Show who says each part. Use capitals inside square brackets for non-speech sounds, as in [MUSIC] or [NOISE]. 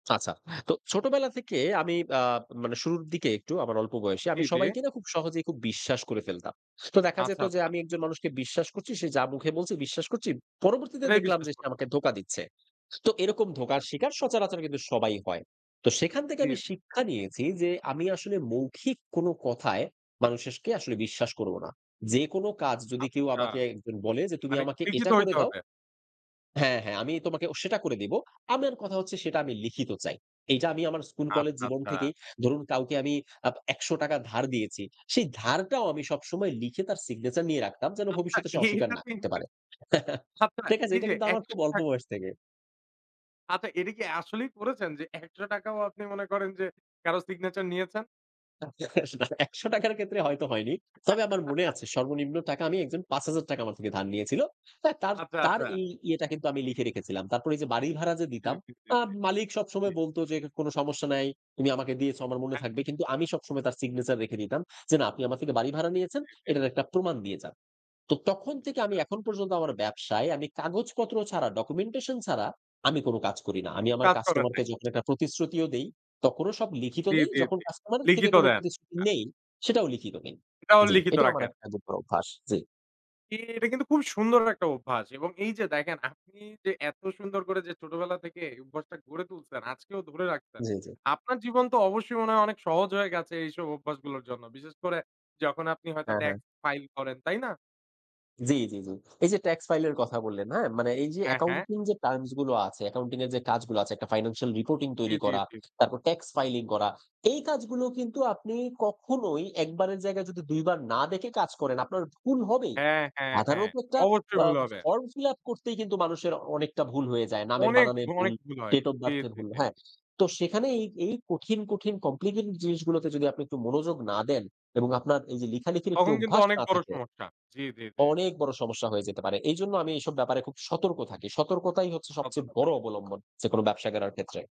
Speaker 1: আচ্ছা। তো ছোটবেলা থেকে আমি আ মানে শুরুর দিকে একটু আমার অল্প বয়সে,
Speaker 2: জি,
Speaker 1: আমি
Speaker 2: জি।
Speaker 1: সবাইকে না? খুব সহজেই খুব বিশ্বাস করে ফেলতাম। তো দেখা
Speaker 2: আচ্ছা,
Speaker 1: যেত যে
Speaker 2: আচ্ছা।
Speaker 1: আমি একজন মানুষকে বিশ্বাস করছি, সে যা মুখে বলছে বিশ্বাস করছি। পরবর্তীতে
Speaker 2: এটাই
Speaker 1: দেখলাম
Speaker 2: বিশ্বাস
Speaker 1: যে সে
Speaker 2: করতেন।
Speaker 1: আমাকে ধোঁকা দিচ্ছে। তো এরকম ধোকার শিকার
Speaker 2: হু।
Speaker 1: সচারাচর কিন্তু সবাই হয়। তো সেখান থেকে
Speaker 2: জি।
Speaker 1: আমি শিক্ষা নিয়েছি যে, আমি আসলে মৌখিক কোনো কথায়, মানুষকে আসলে বিশ্বাস করব না। যেকোনো কাজ যদি কেউ
Speaker 2: আচ্ছা।
Speaker 1: আমাকে একজন বলে যে, "তুমি
Speaker 2: মানে
Speaker 1: আমাকে
Speaker 2: লিখিত
Speaker 1: এটা করে
Speaker 2: হইতে
Speaker 1: দাও"
Speaker 2: হবে।
Speaker 1: হ্যাঁ, হ্যাঁ। "আমি তোমাকে ও সেটা করে দিব।" আমার কথা হচ্ছে, সেটা আমি লিখিত চাই। এইটা আমি আমার স্কুল-কলেজ
Speaker 2: আচ্ছা,
Speaker 1: জীবন
Speaker 2: আচ্ছা।
Speaker 1: থেকেই ধরুন, কাউকে আমি আ ৳১00 ধার দিয়েছি। সেই ধারটাও আমি সবসময় লিখে, তার সিগনেচার নিয়ে রাখতাম যেন,
Speaker 2: আচ্ছা,
Speaker 1: ভবিষ্যতে সে অস্বীকার না
Speaker 2: এইটাতো
Speaker 1: করতে পারে।
Speaker 2: ইন্টারেস্ট
Speaker 1: [CHUCKLES]
Speaker 2: আচ্ছা,
Speaker 1: ঠিক আছে?
Speaker 2: এই
Speaker 1: এটা
Speaker 2: যে
Speaker 1: কিন্তু আমার
Speaker 2: একশ
Speaker 1: খুব অল্প
Speaker 2: টাক
Speaker 1: বয়স থেকে।
Speaker 2: আচ্ছা, এটা কি আসলেই করেছেন যে, ৳১00 ও আপনি মনে করেন যে, কারো সিগনেচার নিয়েছেন?
Speaker 1: [CHUCKLES] না ৳১00'র ক্ষেত্রে হয়তো হয়নি। তবে আমার মনে
Speaker 2: [CHUCKLES]
Speaker 1: আছে, সর্বনিম্ন টাকা আমি, একজন ৳5,000 আমার থেকে ধার নিয়েছিল। তাই তার,
Speaker 2: আচ্ছা,
Speaker 1: তার
Speaker 2: আচ্ছা।
Speaker 1: এই ইয়েটা কিন্তু আমি লিখে রেখেছিলাম। তারপর এই যে বাড়ি ভাড়া যে
Speaker 2: জি,
Speaker 1: দিতাম,
Speaker 2: জি, জি,
Speaker 1: আ
Speaker 2: জি.
Speaker 1: মালিক
Speaker 2: জি।
Speaker 1: সবসময় বলত যে, "কোনো সমস্যা নাই। তুমি আমাকে দিয়েছো আমার মনে
Speaker 2: হ্যাঁ, হ্যাঁ,
Speaker 1: থাকবে।"
Speaker 2: হ্যাঁ,
Speaker 1: কিন্তু আমি
Speaker 2: হ্যাঁ, হ্যাঁ।
Speaker 1: সবসময় তার সিগনেচার রেখে দিতাম যে "না, আপনি আমার থেকে বাড়ি ভাড়া
Speaker 2: জি,
Speaker 1: নিয়েছেন,
Speaker 2: জি, জি, জি।
Speaker 1: এটার একটা প্রমাণ দিয়ে যান।" তো তখন থেকে আমি
Speaker 2: আচ্ছা।
Speaker 1: এখন পর্যন্ত আমার ব্যবসায়, আমি কাগজপত্র ছাড়া, ডকুমেন্টেশন ছাড়া, আমি কোনো কাজ করি না। আমি
Speaker 2: কোনো
Speaker 1: আমার
Speaker 2: কাজ করে
Speaker 1: কাস্টমার
Speaker 2: নাই।
Speaker 1: কে যখন একটা প্রতিশ্রুতিও দেই, তখনও সব লিখিত
Speaker 2: জি,
Speaker 1: দেই।
Speaker 2: জি,
Speaker 1: যখন
Speaker 2: জি।
Speaker 1: কাস্টমার এর থেকে
Speaker 2: লিখিত
Speaker 1: কোন
Speaker 2: দেন।
Speaker 1: প্রতিশ্রুতি
Speaker 2: আ
Speaker 1: নেই, সেটাও লিখিত নেই
Speaker 2: এটাও
Speaker 1: জি,
Speaker 2: লিখিত
Speaker 1: এটা আমার
Speaker 2: রাখেন।
Speaker 1: একটা দু [UNINTELLIGIBLE] অভ্যাস। জি।
Speaker 2: জি, এটা কিন্তু খুব সুন্দর একটা অভ্যাস। এবং এই যে দেখেন আপনি যে এত সুন্দর করে যে ছোটবেলা থেকে এই অভ্যাসটা গড়ে তুলছেন, আজকেও ধরে রাখছেন।
Speaker 1: জি, জি।
Speaker 2: আপনার জীবন তো অবশ্যই মনে হয় অনেক সহজ হয়ে গেছে, এইসব অভ্যাসগুলোর জন্য। বিশেষ করে যখন আপনি হয়তো
Speaker 1: হ্যাঁ, হ্যাঁ।
Speaker 2: ট্যাক্স ফাইল করেন। তাই না?
Speaker 1: জি, জি, জি। এই যে ট্যাক্স ফাইল এর কথা বললেন, হ্যাঁ? মানে এই যে
Speaker 2: হ্যাঁ, হ্যাঁ।
Speaker 1: অ্যাকাউন্টিং যে টার্মস গুলো আছে, অ্যাকাউন্টিং এর যে কাজগুলো আছে একটা ফাইন্যান্সিয়াল রিপোর্টিং
Speaker 2: জি,
Speaker 1: তৈরি
Speaker 2: জি,
Speaker 1: করা,
Speaker 2: জি।
Speaker 1: তারপর ট্যাক্স ফাইলিং করা। এই কাজগুলো কিন্তু আপনি কখনোই ১ বারের জায়গায় যদি ২ বার না দেখে কাজ করেন, আপনার ভুল হবেই।
Speaker 2: হ্যাঁ, হ্যাঁ, হ্যাঁ।
Speaker 1: সাধারণত একটা
Speaker 2: অবশ্যই
Speaker 1: অ্যা
Speaker 2: ভুল হবে।
Speaker 1: ফর্ম ফিল আপ করতেই কিন্তু মানুষের অনেকটা ভুল হয়ে যায়। নামের
Speaker 2: অনেক,
Speaker 1: বানানের ভুল,
Speaker 2: অনেক ভুল হয়।
Speaker 1: ডেট ওফ
Speaker 2: জি,
Speaker 1: বার্থ এর
Speaker 2: জি,
Speaker 1: ভুল
Speaker 2: জি,
Speaker 1: হ্যাঁ।
Speaker 2: জি।
Speaker 1: তো সেখানে এই, এই কঠিন, কঠিন কমপ্লিকেটেড জিনিসগুলোতে যদি আপনি একটু মনোযোগ না দেন এবং আপনার এই যে লেখালিখির একটু
Speaker 2: তখন কিন্তু
Speaker 1: অভ্যাস
Speaker 2: অনেক
Speaker 1: না
Speaker 2: বড়
Speaker 1: থাকে,
Speaker 2: সমস্যা। জি, জি, জি।
Speaker 1: অনেক বড় সমস্যা হয়ে যেতে পারে। এইজন্য আমি এইসব ব্যাপারে খুব সতর্ক থাকি। সতর্কতাই হচ্ছে সবচেয়ে
Speaker 2: সতর্ক
Speaker 1: বড়
Speaker 2: থাকেন।
Speaker 1: অবলম্বন, যেকোনো ব্যবসা গেড়ার ক্ষেত্রে।